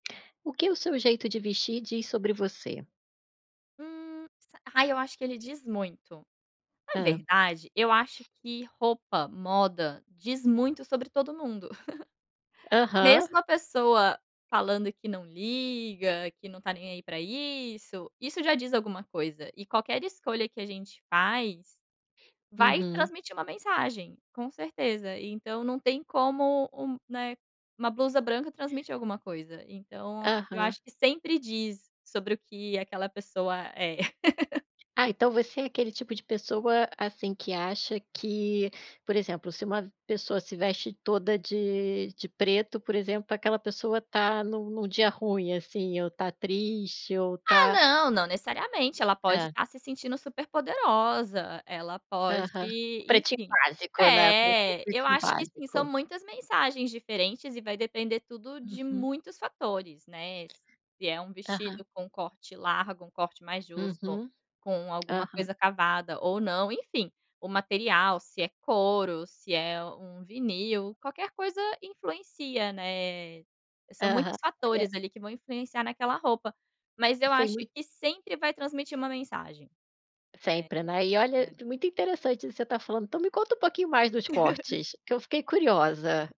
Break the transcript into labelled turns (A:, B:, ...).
A: O que o seu jeito de vestir diz sobre você?
B: Hum, sa ai, eu acho que ele diz muito. Na
A: Hã.
B: verdade eu acho que roupa, moda, diz muito sobre todo mundo.
A: Aham.
B: Mesmo a pessoa falando que não liga, que não está nem aí para isso, isso já diz alguma coisa, e qualquer escolha que a gente faz, vai
A: Uhum.
B: transmitir uma mensagem, com certeza. Então, não tem como um, né, uma blusa branca transmitir alguma coisa. Então, eu
A: Aham.
B: acho que sempre diz sobre o que aquela pessoa é.
A: Ah, então você é aquele tipo de pessoa, assim, que acha que, por exemplo, se uma pessoa se veste toda de de preto, por exemplo, aquela pessoa está num num dia ruim, assim, ou está triste ou
B: Ah,
A: está
B: não, não necessariamente, ela pode
A: Tá.
B: estar se sentindo super poderosa, ela pode,
A: Aham. O pretinho
B: enfim
A: básico, né, [unintelligible] o
B: É, eu
A: pretinho
B: acho que sim, são
A: básico.
B: muitas mensagens diferentes e vai depender tudo de
A: Uhum.
B: muitos fatores, né, se é um
A: Aham.
B: vestido com corte largo, um corte mais justo,
A: Uhum,
B: com alguma
A: aham.
B: coisa cavada, ou não, enfim, o material, se é couro, se é um vinil, qualquer coisa influencia, né, são
A: Aham.
B: muitos
A: E é.
B: fatores, ali, que vão influenciar naquela roupa, mas eu
A: Sem
B: acho
A: mui
B: que sempre vai transmitir uma mensagem. É,
A: Sempre, né, e olha,
B: né.
A: muito interessante isso que você está falando, então me conta um pouquinho mais dos cortes, que eu fiquei curiosa.